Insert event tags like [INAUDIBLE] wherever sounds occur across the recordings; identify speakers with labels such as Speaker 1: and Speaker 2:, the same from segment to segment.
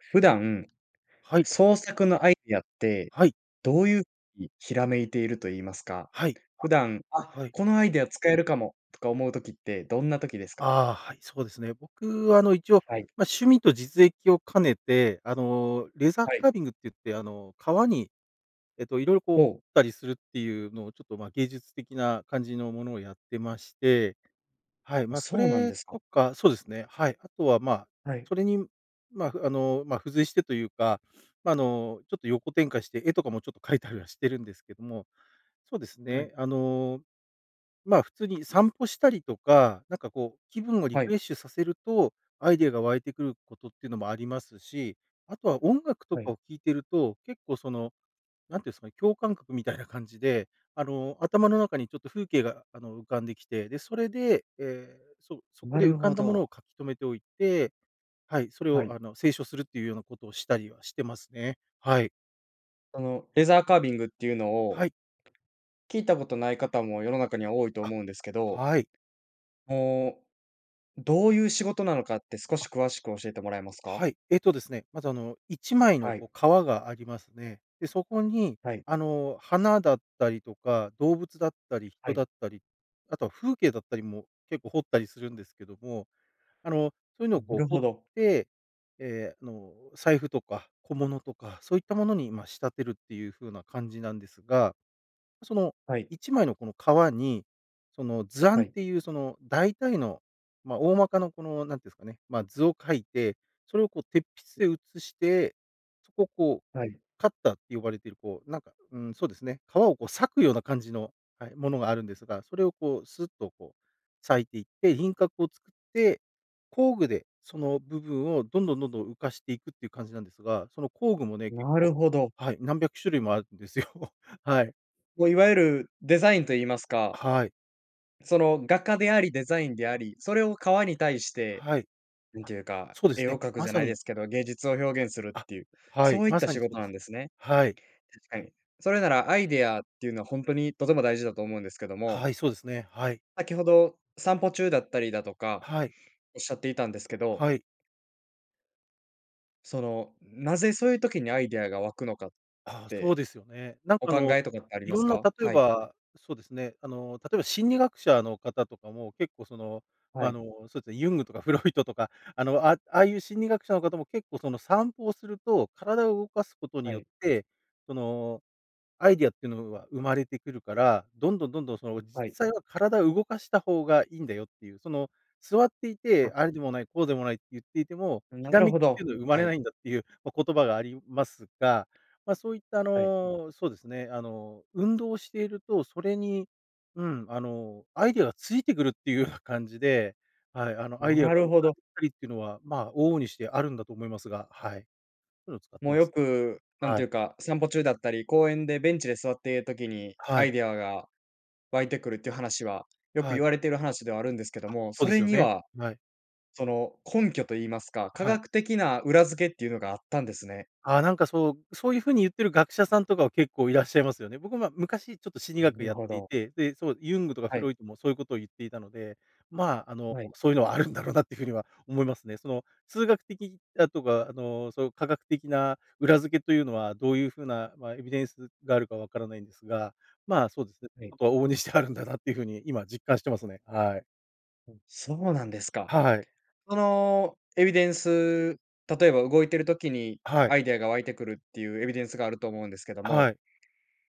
Speaker 1: 普段、
Speaker 2: はい。
Speaker 1: 創作のアイディアって、
Speaker 2: はい。
Speaker 1: どういうに、ひらめいていると言いますか、
Speaker 2: はい。
Speaker 1: 普段、あ、
Speaker 2: はい。
Speaker 1: このアイディア使えるかも、とか思う時ってどんな時ですか？
Speaker 2: ああ、はい、そうですね。僕はあの一応、
Speaker 1: はい。
Speaker 2: ま、趣味と実益を兼ねて、あのレザー
Speaker 1: はい。
Speaker 2: カービングって言って、あの革にえっと、色々こう彫っ
Speaker 1: ほう。
Speaker 2: たりするっていうのを、ちょっと、ま、芸術的な感じのものをやってまして。はい。ま、そ
Speaker 1: そうなん
Speaker 2: れ
Speaker 1: です
Speaker 2: と
Speaker 1: か。
Speaker 2: かそうですね、はい。あとはまあ、
Speaker 1: はい。
Speaker 2: それに、まあ、あの、ま、付随してというか、ま、あの、ちょっと横展開して絵とかもちょっと描いたりはしてるんですけども。そうです
Speaker 1: はい。
Speaker 2: ね、あの、まあ、普通に散歩したりとか、なんかこう気分をリ
Speaker 1: は
Speaker 2: フ
Speaker 1: い。
Speaker 2: レッシュさせるとアイデアが湧いてくることってのもありますし、あとは音楽と
Speaker 1: は
Speaker 2: か
Speaker 1: い。
Speaker 2: を聴いていると結構その、なんていうんすかね、共感覚みたいな感じで、あの、頭の中にちょっと風景が、あの、浮かんできて、でそれで、ええ、そそこ
Speaker 1: な
Speaker 2: で浮
Speaker 1: る
Speaker 2: かん
Speaker 1: ほ
Speaker 2: だものを
Speaker 1: ど。
Speaker 2: 書き留めておいて、はい、それ
Speaker 1: は
Speaker 2: をあ
Speaker 1: い。
Speaker 2: の清書するっていうようなことをしたりはしてますね。はい。
Speaker 1: このレザーカービングっていうのを、
Speaker 2: はい。
Speaker 1: 聞いたことない方も世の中には多いと
Speaker 2: あ、
Speaker 1: 思うんですけど。
Speaker 2: はい。
Speaker 1: もう、どういう仕事なのかって、少
Speaker 2: あ。
Speaker 1: し詳しく教えてもらえますか？
Speaker 2: はい、えっとですね、まずあの1枚の
Speaker 1: はい。
Speaker 2: こう皮がありますね。で、そこに
Speaker 1: はい。
Speaker 2: あの花だったりとか、動物だったり
Speaker 1: は
Speaker 2: 人だ
Speaker 1: い。
Speaker 2: ったり、あとは風景だったりも結構彫ったりするんですけども、あのそういうのを
Speaker 1: な
Speaker 2: こう
Speaker 1: る
Speaker 2: 彫っ
Speaker 1: ほど。
Speaker 2: て、ええ、あの、財布とか小物とかそういったものに、ま、仕立てるっていう風な感じなんですが、その
Speaker 1: はい。
Speaker 2: 1枚のこの皮に、その図案
Speaker 1: は
Speaker 2: っ
Speaker 1: い。
Speaker 2: ていうその大体の、ま、大まかなこのなんて言うんですかね、ま、図を描いて、それをこう鉄筆で写して、そこをこう、
Speaker 1: はい。
Speaker 2: カッターって呼ばれてるこう、なんか、うーん、そうですね、皮をこう裂くような感じの、はい、ものがあるんですが、それをこうスッとこう裂いていって、輪郭を作って、工具でその部分をどんどんどんどん浮かしていくっていう感じなんですが、その工具もね、結
Speaker 1: な
Speaker 2: 構、
Speaker 1: るほど。
Speaker 2: はい、何百種類もあるんですよ。[CHUCKLES] はい。
Speaker 1: こう、いわゆるデザインと言いますか。
Speaker 2: はい。
Speaker 1: その、画家であり、デザインであり、それを革に対して、
Speaker 2: はい。
Speaker 1: なん
Speaker 2: あ、
Speaker 1: ていうか、
Speaker 2: そうです
Speaker 1: 絵
Speaker 2: ね。
Speaker 1: を描く
Speaker 2: ま
Speaker 1: じゃ
Speaker 2: さ
Speaker 1: ないで
Speaker 2: に。
Speaker 1: すけど、芸術を表現するっ
Speaker 2: あ、
Speaker 1: ていう、
Speaker 2: はい。
Speaker 1: そういっ
Speaker 2: ま
Speaker 1: た
Speaker 2: さ
Speaker 1: 仕
Speaker 2: にそう
Speaker 1: 事
Speaker 2: で
Speaker 1: なん
Speaker 2: す
Speaker 1: で
Speaker 2: ね。
Speaker 1: すね。
Speaker 2: はい。
Speaker 1: 確か
Speaker 2: はい。
Speaker 1: に。それなら、アイディアっていうのは本当にとても大事だと思うんですけども
Speaker 2: はい、そうですね。はい。
Speaker 1: 先ほど、散歩中だったりだとか、
Speaker 2: はい。
Speaker 1: おっしゃっていたんですけど。
Speaker 2: はい。
Speaker 1: その、なぜそういう時にアイディアが湧くのかっ
Speaker 2: あ、そう
Speaker 1: て、
Speaker 2: ですよね。なん
Speaker 1: お
Speaker 2: かあ
Speaker 1: 考
Speaker 2: の、
Speaker 1: えとかってあり
Speaker 2: い
Speaker 1: ま
Speaker 2: ろ
Speaker 1: す
Speaker 2: んな、
Speaker 1: か？
Speaker 2: 例え
Speaker 1: はい。
Speaker 2: ば、そうですね、あの、例えば心理学者の方とかも、結構、その、
Speaker 1: は
Speaker 2: あ
Speaker 1: い。
Speaker 2: の、そうですね、ユングとかフロイトとか、あの、ああああいう心理学者の方も、結構、その、散歩をすると、体を動かすことに
Speaker 1: は
Speaker 2: よっ
Speaker 1: い。
Speaker 2: て、その、アイディアっていうのは生まれてくるから、どんどんどんどん、その、実
Speaker 1: はい。
Speaker 2: 際は体を動かした方がいいんだよっていう。その、座ってい
Speaker 1: あ。
Speaker 2: て、ああでもない、こうでもないって言っていても、
Speaker 1: な
Speaker 2: ひら
Speaker 1: る
Speaker 2: めき
Speaker 1: ほ
Speaker 2: ってい
Speaker 1: ど。
Speaker 2: うのは生ま
Speaker 1: は
Speaker 2: れな
Speaker 1: い。
Speaker 2: いんだっていう、ま、言葉がありますが、ま、そういった、あ
Speaker 1: はい。
Speaker 2: の、そうですね、あの、運動していると、それに、うん、あの、アイディアがついてくるっていうような感じで、はい。あの、アイディア
Speaker 1: な
Speaker 2: が浮か
Speaker 1: るほど。
Speaker 2: んできたりっていうのは、ま、往々にしてあるんだと思いますが、はい。そういうのを使って
Speaker 1: もう、
Speaker 2: ま
Speaker 1: よ
Speaker 2: す。
Speaker 1: く、なん
Speaker 2: は
Speaker 1: ていう
Speaker 2: い。
Speaker 1: か、散歩中だったり公園でベンチで座っている時に
Speaker 2: は
Speaker 1: アイ
Speaker 2: い。
Speaker 1: ディアが湧いてくるっていう話は、よく
Speaker 2: は
Speaker 1: 言
Speaker 2: い。
Speaker 1: われている話ではあるんですけど
Speaker 2: あ、
Speaker 1: も、
Speaker 2: そ
Speaker 1: そ
Speaker 2: うです
Speaker 1: れ
Speaker 2: よ
Speaker 1: に
Speaker 2: ね。
Speaker 1: は、
Speaker 2: はい。
Speaker 1: その、根拠と言いますか、科
Speaker 2: はい。
Speaker 1: 学的な裏付けっていうのがあったんですね。
Speaker 2: あ、なんか、そう、そういう風に言ってる学者さんとか、結構いらっしゃいますよね。僕も、昔、ちょっと心理学
Speaker 1: な
Speaker 2: や
Speaker 1: る
Speaker 2: っ
Speaker 1: ほ
Speaker 2: てい
Speaker 1: ど。
Speaker 2: て、で、そう、ユングとか
Speaker 1: は
Speaker 2: フロ
Speaker 1: い。
Speaker 2: イトも、そういうことを言っていたので、まあ、あの、
Speaker 1: はい。
Speaker 2: そういうのはあるんだろうなっていう風には思いますね。その、数学的だとか、あの、そういう科学的な裏付けというのは、どういう風な、ま、エビデンスがあるか分からないんですが、まあ、そうですね、ち
Speaker 1: は
Speaker 2: ょ
Speaker 1: い。
Speaker 2: っとは往々にしてあるんだなっていう風に、今、実感してますね。はい。
Speaker 1: うん。そうなんですか。
Speaker 2: はい。
Speaker 1: そのエビデンス、例えば動いてる時に
Speaker 2: はい。
Speaker 1: アイデアが湧いてくるっていうエビデンスがあると思うんですけども、
Speaker 2: はい。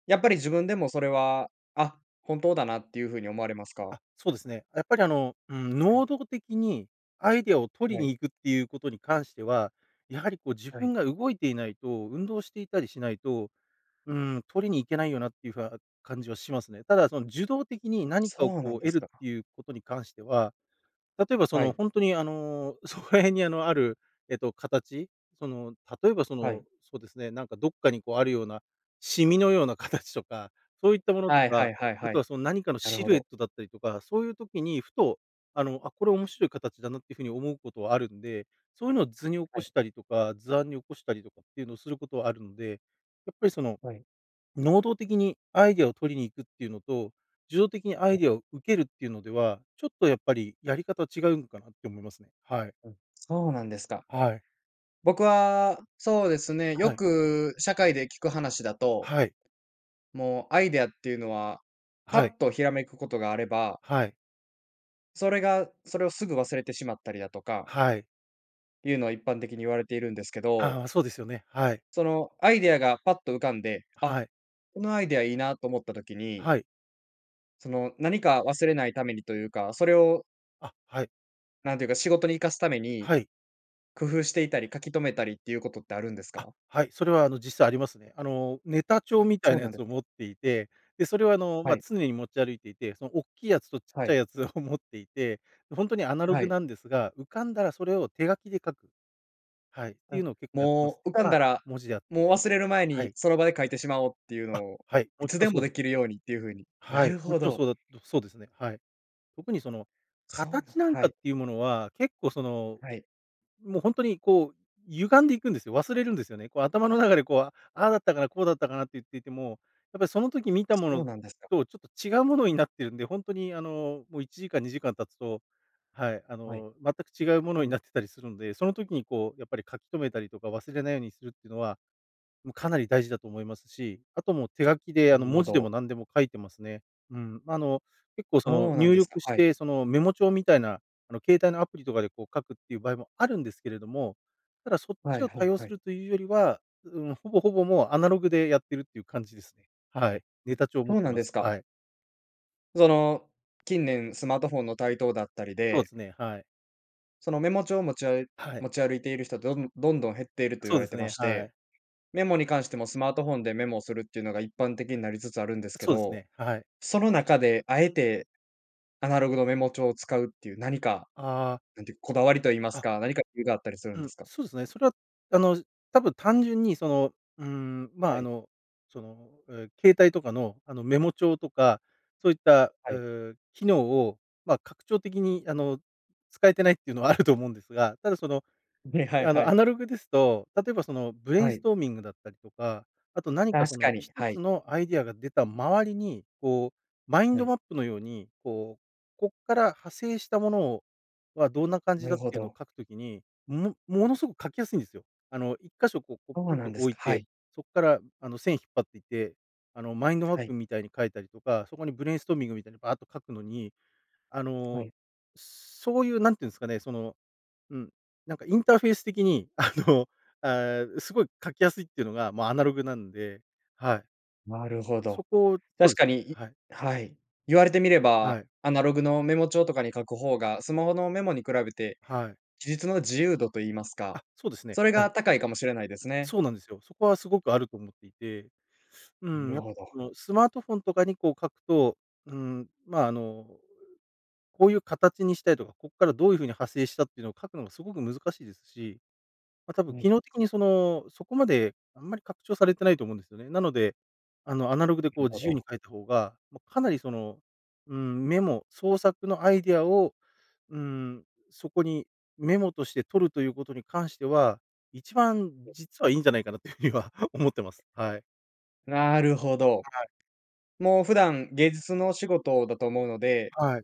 Speaker 1: やっぱり自分でもそれは「あ、本当だな」っていうふうに思われますか？
Speaker 2: あ、そうですね。やっぱりあの、うん、
Speaker 1: はい。
Speaker 2: 能動的にアイデアを取
Speaker 1: は
Speaker 2: りに
Speaker 1: い。
Speaker 2: 行くっていうことに関しては、やはりこう自
Speaker 1: はい。
Speaker 2: 分が動いていないと、運動していたりしないと、うーん、取りに行けないよなっていうふは、感じはしますね。ただ、その受動的に何かを
Speaker 1: そうな
Speaker 2: こ
Speaker 1: ん
Speaker 2: う
Speaker 1: で
Speaker 2: 得
Speaker 1: す
Speaker 2: るっ
Speaker 1: か。
Speaker 2: ていうことに関しては、例えばそ
Speaker 1: は
Speaker 2: の
Speaker 1: い。
Speaker 2: 本当にあの、そこら辺にあの、ある、えっと形、その例えばそ
Speaker 1: は
Speaker 2: の、
Speaker 1: い。
Speaker 2: そうですね、なんかどっかにこうあるような、シミのような形とか、そういったものと
Speaker 1: はいは
Speaker 2: か、
Speaker 1: いはい
Speaker 2: あ
Speaker 1: は
Speaker 2: と
Speaker 1: い。
Speaker 2: はその何かの
Speaker 1: なる
Speaker 2: シ
Speaker 1: ほ
Speaker 2: ルエッ
Speaker 1: ど。
Speaker 2: トだったりとか、そういう時にふと、あの「あ、これ面白い形だな」っていうふうに思うことはあるんで。そういうのを図に起
Speaker 1: は
Speaker 2: こ
Speaker 1: い。
Speaker 2: したりとか、図案に起こしたりとかっていうのをすることはあるんで。やっぱりその、
Speaker 1: はい。
Speaker 2: 能動的にアイデアを取りに行くっていうのと、受動的にアイデ
Speaker 1: [UNINTELLIGIBLE]
Speaker 2: アを受けるっていうのでは、ちょっとやっぱりやり方違うのかなって思いますね。はい。
Speaker 1: うん、そうなんですか。
Speaker 2: はい。
Speaker 1: 僕は、そうですね、
Speaker 2: は
Speaker 1: よ
Speaker 2: い。
Speaker 1: く社会で聞く話だと
Speaker 2: はい。
Speaker 1: もうアイデアっていうのは、パ
Speaker 2: はい。
Speaker 1: ッとひらめくことがあれば
Speaker 2: はい。
Speaker 1: それが、それをすぐ忘れてしまったりだとか
Speaker 2: はい。
Speaker 1: いうのは一般的に言われているんですけど。
Speaker 2: ああ、そうですよね。はい。
Speaker 1: そのアイデアがパッと浮かんで、あ、
Speaker 2: はい。
Speaker 1: このアイデアいいなと思った時に
Speaker 2: はい。
Speaker 1: その何か忘れないためにというか、それを
Speaker 2: あ、はい。
Speaker 1: なんていうか、仕事に生かすために
Speaker 2: はい。
Speaker 1: 工夫していたり、書き留めたりっていうことってあるんです
Speaker 2: あ、
Speaker 1: か？
Speaker 2: はい。それはあの、実際ありますね。あの、ネタ帳
Speaker 1: あ、
Speaker 2: みたい
Speaker 1: そう
Speaker 2: な
Speaker 1: な
Speaker 2: や
Speaker 1: んで
Speaker 2: つを
Speaker 1: す
Speaker 2: 持っ
Speaker 1: か。
Speaker 2: ていて、で、それはあの、
Speaker 1: は
Speaker 2: ま、
Speaker 1: い。
Speaker 2: 常に持ち歩いていて、そのおっきいやつとちっ
Speaker 1: は
Speaker 2: ちゃい
Speaker 1: い。
Speaker 2: やつを持っていて、ほんとにアナロ
Speaker 1: は
Speaker 2: グ
Speaker 1: い。
Speaker 2: なんですが、浮かんだらそれを手書きで書く。はい、っていう
Speaker 1: あ、
Speaker 2: のを結構やってます
Speaker 1: もう
Speaker 2: ね。
Speaker 1: 浮かん
Speaker 2: ま、
Speaker 1: だら、
Speaker 2: 文字であっ
Speaker 1: もう忘れる前
Speaker 2: は
Speaker 1: に
Speaker 2: い。
Speaker 1: その場で書いてしまおうっていう
Speaker 2: あ、
Speaker 1: のを、
Speaker 2: はい、
Speaker 1: い
Speaker 2: もち
Speaker 1: つ
Speaker 2: ろん
Speaker 1: で
Speaker 2: そ
Speaker 1: も
Speaker 2: うで
Speaker 1: で
Speaker 2: すね。
Speaker 1: きるようにっていうふうに。
Speaker 2: は
Speaker 1: な
Speaker 2: い、
Speaker 1: る
Speaker 2: も
Speaker 1: ほ
Speaker 2: ちろん
Speaker 1: ど。
Speaker 2: そうだそうですね。はい。特にその
Speaker 1: そうな
Speaker 2: 形
Speaker 1: ん
Speaker 2: なん
Speaker 1: は
Speaker 2: かっ
Speaker 1: い。
Speaker 2: ていうものは、結構その、
Speaker 1: はい。
Speaker 2: もう本当にこう歪んでいくんですよ。忘れるんですよね。こう頭の中でこう、ああだったかな、こうだったかなって言っていても、やっぱりその時見たも
Speaker 1: そう
Speaker 2: の
Speaker 1: なんですか。
Speaker 2: とちょっと違うものになってるんで、本当にあの、もう1時間2時間経つと、はい、あ
Speaker 1: はい。
Speaker 2: の、全く違うものになってたりするんで、その時にこうやっぱり書き留めたりとか、忘れないようにするっていうのは、もうかなり大事だと思いますし、あともう手書きで
Speaker 1: な
Speaker 2: あの
Speaker 1: るほ
Speaker 2: 文字で
Speaker 1: ど。
Speaker 2: も何でも書いてますね。うん。まああの、結構その
Speaker 1: そうなん
Speaker 2: 入
Speaker 1: ですか、
Speaker 2: 力し
Speaker 1: はい。
Speaker 2: て、そのメモ帳みたいなあの携帯のアプリとかでこう書くっていう場合もあるんですけれども、ただそっ
Speaker 1: は
Speaker 2: ち
Speaker 1: い
Speaker 2: を
Speaker 1: は
Speaker 2: 多
Speaker 1: い
Speaker 2: 用
Speaker 1: は
Speaker 2: す
Speaker 1: い。
Speaker 2: るというよりは、ううーん、ほぼほぼもうアナログでやってるっていう感じですね。はい。ネ
Speaker 1: う、
Speaker 2: タ帳を
Speaker 1: そ
Speaker 2: 持っ
Speaker 1: う
Speaker 2: て
Speaker 1: なん
Speaker 2: ま
Speaker 1: で
Speaker 2: す。
Speaker 1: すか。
Speaker 2: はい。
Speaker 1: その、近年スマートフォンの台頭だったり
Speaker 2: そう
Speaker 1: で
Speaker 2: ですね、はい。
Speaker 1: そのメモ帳を持ちあ
Speaker 2: はい。
Speaker 1: 持ち歩いている人って、どんどんどん減っていると言
Speaker 2: そう
Speaker 1: われ
Speaker 2: で
Speaker 1: て
Speaker 2: す
Speaker 1: ま
Speaker 2: ね、
Speaker 1: し
Speaker 2: は
Speaker 1: て、
Speaker 2: い。
Speaker 1: メモに関しても、スマートフォンでメモをするっていうのが一般的になりつつあるんですけ
Speaker 2: そうです
Speaker 1: ど、
Speaker 2: ね。はい。
Speaker 1: その中であえて、アナログのメモ帳を使うっていう何か、
Speaker 2: ああ。
Speaker 1: 何ていう、こだわりと言います
Speaker 2: あ。
Speaker 1: か、何か理由があったりするん
Speaker 2: う
Speaker 1: で
Speaker 2: ん、
Speaker 1: すか？
Speaker 2: そうですね。それは、あの、多分単純にその、うーん、ま
Speaker 1: は
Speaker 2: あ、あ
Speaker 1: い。
Speaker 2: の、その、うん、携帯とかの、あの、メモ帳とか、そういった、
Speaker 1: は
Speaker 2: う
Speaker 1: い。
Speaker 2: ーん、機能を、ま、拡張的に、あの、使えてないっていうのはあると思うんですが、ただ、その、
Speaker 1: で、はい
Speaker 2: あ
Speaker 1: は
Speaker 2: の、ア
Speaker 1: い。
Speaker 2: ナログですと、例えば、その、ブレイ
Speaker 1: は
Speaker 2: ンス
Speaker 1: い。
Speaker 2: トーミングだったりとか、あと何か、そ
Speaker 1: 確か
Speaker 2: の、
Speaker 1: に、
Speaker 2: 一
Speaker 1: はい。
Speaker 2: つのアイデアが出た周りにこう、マイン
Speaker 1: は
Speaker 2: ド
Speaker 1: い。
Speaker 2: マップのように、こう、こっから派生したものをは、どんな感じ
Speaker 1: な
Speaker 2: だ
Speaker 1: る
Speaker 2: っ
Speaker 1: ほ
Speaker 2: ていうのを
Speaker 1: ど。
Speaker 2: 書く時に、もものすごく書きやすいんですよ。あの、1箇所こうポ
Speaker 1: そ
Speaker 2: コ
Speaker 1: う
Speaker 2: ン
Speaker 1: な
Speaker 2: と
Speaker 1: んです
Speaker 2: 置
Speaker 1: か。
Speaker 2: い
Speaker 1: は
Speaker 2: て、
Speaker 1: い。
Speaker 2: そっから、あの、線引っ張っていて、あのマインドマッ
Speaker 1: はい。
Speaker 2: プみたいに書いたりとか、そこにブレインストーミングみたいにばっと書くのに、あ
Speaker 1: は
Speaker 2: の、
Speaker 1: い。
Speaker 2: そういう何て言うんすかね、その、うん、なんかインターフェース的に、あの、あ、すごい書きやすいっていうのが、まあ、アナログなんで、はい。
Speaker 1: なるほど。
Speaker 2: そこそ
Speaker 1: 確
Speaker 2: うす
Speaker 1: か
Speaker 2: ね。
Speaker 1: に、い
Speaker 2: はい。
Speaker 1: はい。言われてみれば、
Speaker 2: はい。
Speaker 1: アナログのメモ帳とかに書く方が、スマホのメモに比べて、
Speaker 2: はい。
Speaker 1: 記述の自由度と言いますか、
Speaker 2: あ、そうですね。
Speaker 1: それ
Speaker 2: は
Speaker 1: が
Speaker 2: い。
Speaker 1: 高いかもしれないですね。
Speaker 2: そうなんですよ。そこはすごくあると思っていて、う
Speaker 1: な
Speaker 2: ーん。
Speaker 1: る
Speaker 2: やっぱ
Speaker 1: ほど。
Speaker 2: その、スマートフォンとかにこう書くと、うーん、まあ、あの、こういう形にしたいとか、こっからどういう風に派生したっていうのを書くのがすごく難しいですし、ま、たぶん
Speaker 1: う
Speaker 2: 機
Speaker 1: ん。
Speaker 2: 能的にその、そこまであんまり拡張されてないと思うんですよね。なので、あの、アナログで
Speaker 1: う
Speaker 2: こ
Speaker 1: ん
Speaker 2: う
Speaker 1: ほ
Speaker 2: 自由に
Speaker 1: ど。
Speaker 2: 書いた方が、ま、かなりその、うーん、メモ、創作のアイデアを、うーん、そこにメモとして取るということに関しては、一番実はいいんじゃないかなという風には思ってます。はい。
Speaker 1: なるほど。
Speaker 2: はい。
Speaker 1: もう普段、芸術のお仕事だと思うので、
Speaker 2: はい。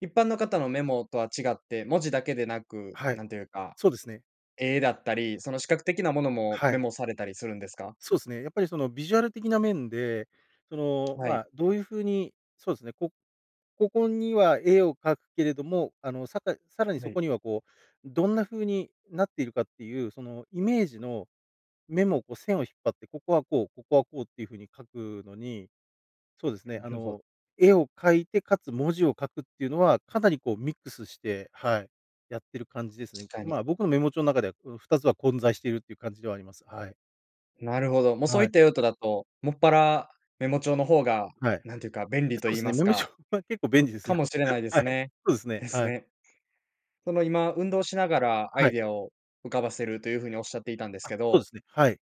Speaker 1: 一般の方のメモとは違って、文字だけでなく、
Speaker 2: は
Speaker 1: な
Speaker 2: い、
Speaker 1: んていうか、
Speaker 2: そうですね。
Speaker 1: 絵だったり、その視覚的なものも
Speaker 2: は
Speaker 1: メ
Speaker 2: い。
Speaker 1: モされたりするんですか？
Speaker 2: そうすね、やっぱりそのビジュアル的な面で、その、
Speaker 1: は
Speaker 2: ま
Speaker 1: い。
Speaker 2: あ、どういう風に、そうですね、こここには絵を描くけれども、あの、さたさらに、
Speaker 1: は
Speaker 2: そ
Speaker 1: い。
Speaker 2: こには、こう、どんな風になっているかっていう、そのイメージのメモ、こう線を引っ張って「ここはこう、ここはこう」っていう風に書くのに、そうですね、あ
Speaker 1: [UNINTELLIGIBLE]
Speaker 2: の、絵を描いてかつ文字を書くっていうのは、かなりこうミックスして、はい、やってる感じです
Speaker 1: し
Speaker 2: ね。
Speaker 1: かに。
Speaker 2: まあ、僕のメモ帳中では、う2つは混在しているっていう感じではあります。はい。
Speaker 1: なるほど。もう、そう
Speaker 2: は
Speaker 1: いっ
Speaker 2: い。
Speaker 1: た用途だと、もっぱらメモ帳の方が、
Speaker 2: はい。
Speaker 1: なんていうか、便利と
Speaker 2: そう
Speaker 1: 言
Speaker 2: で
Speaker 1: い
Speaker 2: す
Speaker 1: ま
Speaker 2: ね、
Speaker 1: す
Speaker 2: メモ帳
Speaker 1: か
Speaker 2: は結構便利です
Speaker 1: か
Speaker 2: よ。
Speaker 1: もしれないで
Speaker 2: は
Speaker 1: す
Speaker 2: い。
Speaker 1: ね。
Speaker 2: そうですね、
Speaker 1: です
Speaker 2: はい。
Speaker 1: ね。その、今、運動しながらア
Speaker 2: は
Speaker 1: イ
Speaker 2: い。
Speaker 1: デアを浮かばせるという風におっしゃっていたんです
Speaker 2: あ、
Speaker 1: け
Speaker 2: そうで
Speaker 1: ど。
Speaker 2: すね。はい。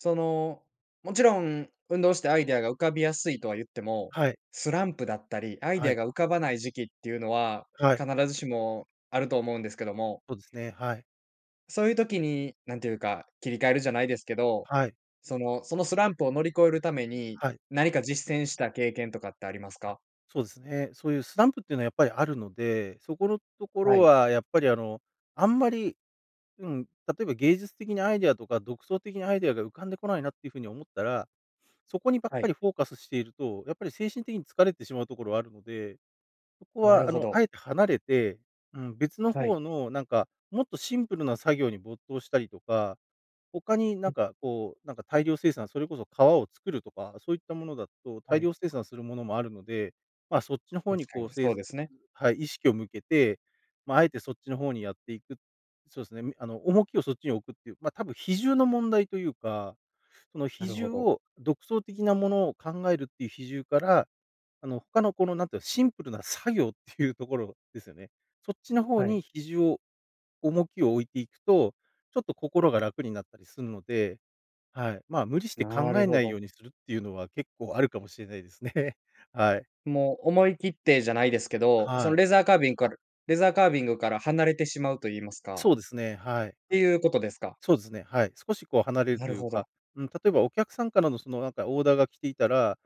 Speaker 1: その、もちろん、運動してアイデアが浮かびやすいとは言っても、
Speaker 2: はい。
Speaker 1: スランプだったり、アイデ
Speaker 2: は
Speaker 1: ア
Speaker 2: い。
Speaker 1: が浮かばない時期っていうのは、
Speaker 2: はい。
Speaker 1: 必ずしもあると思うんですけども。
Speaker 2: そうですね。はい。
Speaker 1: そういう時に、なんていうか、切り替えるじゃないですけど、
Speaker 2: はい。
Speaker 1: そのそのスランプを乗り越えるために、
Speaker 2: はい。
Speaker 1: 何か実践した経験とかってあります
Speaker 2: あ、
Speaker 1: か？
Speaker 2: そうですね。そういうスランプっていうのは、やっぱりあるので、そこのとこ
Speaker 1: は
Speaker 2: ろ
Speaker 1: い。
Speaker 2: は、やっぱり、あの、あんまり、うん、例えば、芸術的にアイデアとか、独創的なアイデアが浮かんでこないなっていう風に思ったら、そこにばっ
Speaker 1: は
Speaker 2: か
Speaker 1: い。
Speaker 2: りフォーカスしていると、やっぱり精神的に疲れてしまうところはあるので。そこ
Speaker 1: な
Speaker 2: は、
Speaker 1: る
Speaker 2: あ
Speaker 1: ほ
Speaker 2: の、
Speaker 1: ど。
Speaker 2: あえて離れて、うん。別の
Speaker 1: は
Speaker 2: 方
Speaker 1: い。
Speaker 2: の、なんか、もっとシンプルな作業に没頭したりとか、他に、な
Speaker 1: う
Speaker 2: ん
Speaker 1: ん。
Speaker 2: か、こう、なんか、大量生産、それこそ革を作るとか、そういったものだと、
Speaker 1: は
Speaker 2: 大量
Speaker 1: い。
Speaker 2: 生産するものもあるので。ま、そっちの方
Speaker 1: 確
Speaker 2: に、
Speaker 1: か
Speaker 2: こう、
Speaker 1: に、
Speaker 2: せい
Speaker 1: そうですね。
Speaker 2: はい、意識を向けて、ま、あえてそっちの方にやっていく。そうですね、みあの、重きをそっちに置くっていう、ま、多分比重の問題というか、その
Speaker 1: な
Speaker 2: 比
Speaker 1: るほ
Speaker 2: 重
Speaker 1: ど。
Speaker 2: を独創的なものを考えるっていう比重から、あの、他のこの、なんていうの、シンプルな作業っていうところですよね。そっちの方
Speaker 1: は
Speaker 2: に
Speaker 1: い。
Speaker 2: 比重を、重きを置いていくと、ちょっと心が楽になったりするので、はい。ま、無理して
Speaker 1: な
Speaker 2: 考
Speaker 1: る
Speaker 2: え
Speaker 1: ほ
Speaker 2: ない
Speaker 1: ど。
Speaker 2: ようにするっていうのは、結構あるかもしれないですね。はい。
Speaker 1: もう、思い切ってじゃないですけど、そ
Speaker 2: は
Speaker 1: の、
Speaker 2: い。
Speaker 1: レザーカービングかるレザーカービングから離れてしまうと言いますか
Speaker 2: そうですね、はい。
Speaker 1: っていうことですか？
Speaker 2: そうですね、はい。少し、こう、離れる
Speaker 1: な
Speaker 2: と
Speaker 1: る
Speaker 2: いう
Speaker 1: ほど。
Speaker 2: か、うん、例えば、お客さんからのその、なんか、オーダーが来ていたら、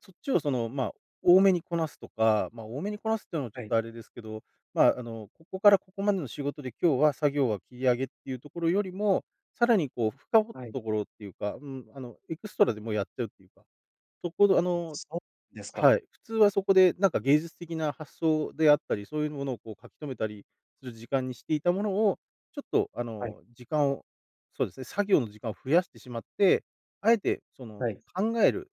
Speaker 2: そっちを、その、ま、多めにこなすとか。ま、多めにこなすっていうのは、ち
Speaker 1: は
Speaker 2: ょっ
Speaker 1: い。
Speaker 2: とあれですけど。ま、あの、ここからここまでの仕事で、今日は作業は切り上げっていうところよりも、さらに、こう、深掘っ
Speaker 1: は
Speaker 2: た
Speaker 1: い。
Speaker 2: ところっていうか、うん、あの、エクストラでもやっちゃうっていうか。そこ、どあの
Speaker 1: そうですか。
Speaker 2: はい。普通はそこで、なんか、芸術的な発想であったり、そういうものを、こう、書き留めたりする時間にしていたものを、ちょっと、あ
Speaker 1: はい。
Speaker 2: の、時間を、そうですね、作業の時間を増やしてしまって、あえて、そ
Speaker 1: は
Speaker 2: の、
Speaker 1: い。
Speaker 2: 考える、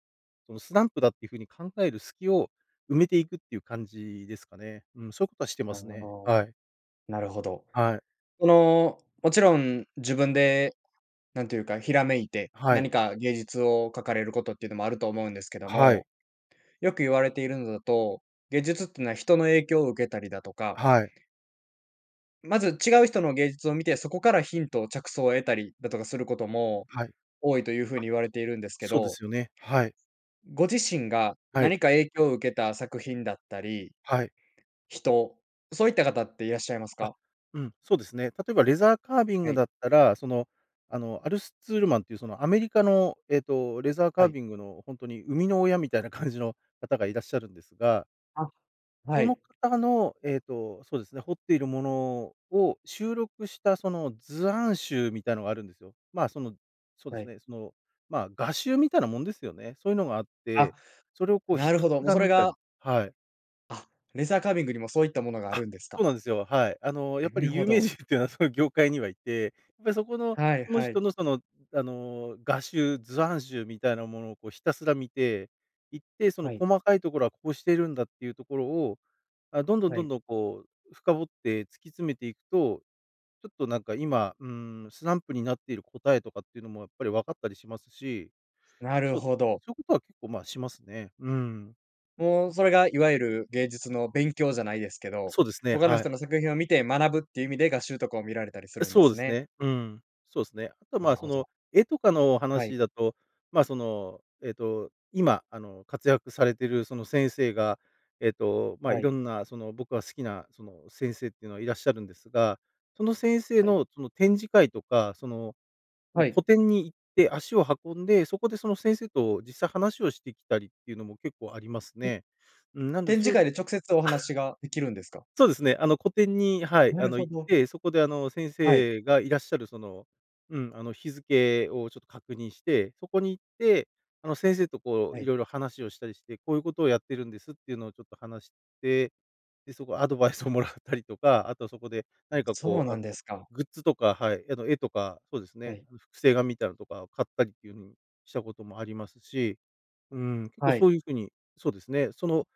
Speaker 2: その、スランプだっていう風に考える隙を埋めていくっていう感じですかね。うん、そういうことはしてま
Speaker 1: なる
Speaker 2: す
Speaker 1: ほ
Speaker 2: ね。
Speaker 1: ど、
Speaker 2: はい。
Speaker 1: なるほど。
Speaker 2: はい。
Speaker 1: その、もちろん、自分でなんていうか、ひらめいて、
Speaker 2: はい。
Speaker 1: 何か芸術を描かれることっていうのもあると思うんですけど
Speaker 2: はい。
Speaker 1: も。よく言われているのだと、芸術ってのは人の影響を受けたりだとか
Speaker 2: はい。
Speaker 1: まず、違う人の芸術を見て、そこからヒントを着想を得たりだとかすることも、
Speaker 2: はい。あ。
Speaker 1: 多いという風に言われているんですけ
Speaker 2: そうで
Speaker 1: ど。
Speaker 2: すよね、はい。
Speaker 1: ご自身が、
Speaker 2: はい。
Speaker 1: 何か影響を受けた作品だったり、
Speaker 2: はい。
Speaker 1: 人、そういった方っていらっしゃいます
Speaker 2: あ、
Speaker 1: か？
Speaker 2: うん、そうですね。例えば、レザーカービン
Speaker 1: は
Speaker 2: グ
Speaker 1: い。
Speaker 2: だったら、その、あの、アルスツールマンっていう、その、アメリカの、ええと、レザーカ
Speaker 1: は
Speaker 2: ー
Speaker 1: い。
Speaker 2: ビングのほんとに、生みの親みたいな感じの方がいらっしゃるんですが
Speaker 1: あ、は
Speaker 2: その
Speaker 1: い。
Speaker 2: 方の、えっと、そうですね、彫っているものを収録した、その図案集みたいなのがあるんですよ。ま、その、そうで
Speaker 1: は
Speaker 2: す
Speaker 1: い。
Speaker 2: ね、その、まあ、画集みたいなもんですよね。そういうのがあっ
Speaker 1: あ、
Speaker 2: て、それをこう
Speaker 1: な
Speaker 2: ひ
Speaker 1: る
Speaker 2: た
Speaker 1: ほ
Speaker 2: す
Speaker 1: ど、もう
Speaker 2: ら
Speaker 1: それ
Speaker 2: 見たり
Speaker 1: が
Speaker 2: はい。
Speaker 1: あ、レザーカービングにも、そういったものがあ
Speaker 2: あ、
Speaker 1: るんですか？
Speaker 2: そうなんですよ、はい。あの、やっぱ
Speaker 1: なる
Speaker 2: り
Speaker 1: ほ
Speaker 2: 有名
Speaker 1: ど。
Speaker 2: 人っていうのはそういう業界にはいて、やっぱりそこの、
Speaker 1: はい
Speaker 2: その
Speaker 1: は
Speaker 2: 人
Speaker 1: い。
Speaker 2: の、その、あの、画集、図案集みたいなものをこうひたすら見て、いって、その
Speaker 1: はい。
Speaker 2: 細かいところはこうしてるんだっていうところを、あ、どんどん
Speaker 1: は
Speaker 2: どん
Speaker 1: い。
Speaker 2: どんこう、深掘って突き詰めていくと、ちょっとなんか今、うーん、スランプになっている答えとかっていうのも、やっぱり分かったりしますし、
Speaker 1: なる
Speaker 2: そうで
Speaker 1: ほ
Speaker 2: すね、
Speaker 1: ど。
Speaker 2: そういうことは結構、まあ、しますね。うん。
Speaker 1: もうそれがいわゆる、芸術の勉強じゃないですけど、
Speaker 2: そうですね、
Speaker 1: 他の
Speaker 2: はい。
Speaker 1: 人の作品を見て学ぶっていう意味で、画集とかを見られたりす
Speaker 2: え、
Speaker 1: るんで
Speaker 2: そうで
Speaker 1: す
Speaker 2: す
Speaker 1: ね。
Speaker 2: ね。うん。そうですね。あとは、
Speaker 1: な
Speaker 2: ま
Speaker 1: る
Speaker 2: あ、そ
Speaker 1: ほど。
Speaker 2: の、絵とかのお
Speaker 1: はい。
Speaker 2: 話だと、ま、その、えっと、今、あの、活躍されてるその先生が、えっと、ま、
Speaker 1: は
Speaker 2: い
Speaker 1: い。
Speaker 2: ろんな、その僕が好きな、その先生っていうのはいらっしゃるんですが、その先生
Speaker 1: はい。
Speaker 2: のその展示会とか、その、うん、
Speaker 1: は
Speaker 2: 個
Speaker 1: い。
Speaker 2: 展に行って足を運んで、そこで、その先生と実際話をしてきたりっていうのも結構あります
Speaker 1: ん。
Speaker 2: ね。うん、なんで、
Speaker 1: 展
Speaker 2: そ
Speaker 1: 示
Speaker 2: う
Speaker 1: 会で直接お話
Speaker 2: [LAUGHS]
Speaker 1: ができるんですか？
Speaker 2: そうですね、あの、個展に、はい、
Speaker 1: な
Speaker 2: あ
Speaker 1: る
Speaker 2: の、
Speaker 1: ほ
Speaker 2: 行っ
Speaker 1: ど。
Speaker 2: て、そこで、あの、先
Speaker 1: はい。
Speaker 2: 生がいらっしゃる、その、うん、あの、日付をちょっと確認して、そこに行って、あの、先生とこ
Speaker 1: は
Speaker 2: う、い
Speaker 1: い。
Speaker 2: ろいろ話をしたりして、こういうことをやってるんですっていうのをちょっと話して、で、そこアドバイスをもらったりとか、あとはそこで、何か
Speaker 1: そう
Speaker 2: こう、
Speaker 1: な
Speaker 2: あ
Speaker 1: んで
Speaker 2: の、
Speaker 1: すか。
Speaker 2: グッズとか、はい、あの、絵とか、そうです
Speaker 1: は
Speaker 2: ね、
Speaker 1: い。
Speaker 2: あの、複製画みたいのとかを買ったりっていう風にしたこともありますし、うん、結構
Speaker 1: は
Speaker 2: そ
Speaker 1: い。
Speaker 2: ういう風に、そうですね、その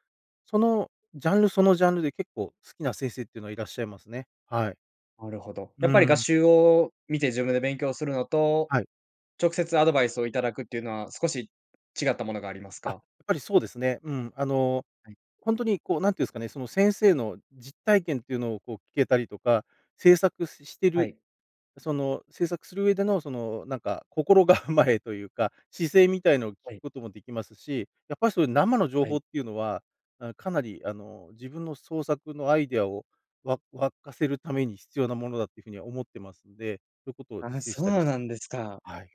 Speaker 2: そのジャンル、そのジャンルで、結構好きな先生っていうのはいらっしゃいますね。はい。
Speaker 1: なるほど。や
Speaker 2: う
Speaker 1: っぱり画
Speaker 2: ん。
Speaker 1: 集を見て自分で勉強するのと、
Speaker 2: はい。
Speaker 1: 直接アドバイスをいただくっていうのは、少し違ったものがあります
Speaker 2: あ、やっ
Speaker 1: か？
Speaker 2: ぱりそうですね。うん、あの、
Speaker 1: はい。
Speaker 2: ほんとにこう、何て言うんすかね、その先生の実体験というのをこう聞けたりとか、制作しして
Speaker 1: は
Speaker 2: る
Speaker 1: い。
Speaker 2: その制作する上での、そのなんか、心構えというか、姿勢みたいのを聞く
Speaker 1: はい。
Speaker 2: こともできますし、やっぱりそういう生の情
Speaker 1: は
Speaker 2: 報
Speaker 1: い。
Speaker 2: っていうのは、あ、かなり、あの、自分の創作のアイディアをわ湧かせるために、必要なものだという風には思ってますんで、そういうことを
Speaker 1: ああ、
Speaker 2: 実施し
Speaker 1: そう
Speaker 2: たりし
Speaker 1: なんですか。
Speaker 2: はい。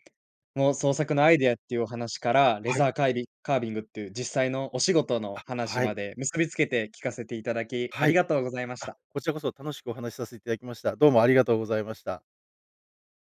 Speaker 1: もう創作のアイディアっていうお話から、レ
Speaker 2: はい。
Speaker 1: ザーカイビカービングっていう実際のお仕事の
Speaker 2: あ、
Speaker 1: 話
Speaker 2: はい。
Speaker 1: まで、結びつけて聞かせていただき、あ
Speaker 2: は
Speaker 1: り
Speaker 2: い。
Speaker 1: がとうございまし
Speaker 2: あ、
Speaker 1: た。
Speaker 2: こちらこそ楽しくお話させていただきました。どうもありがとうございました。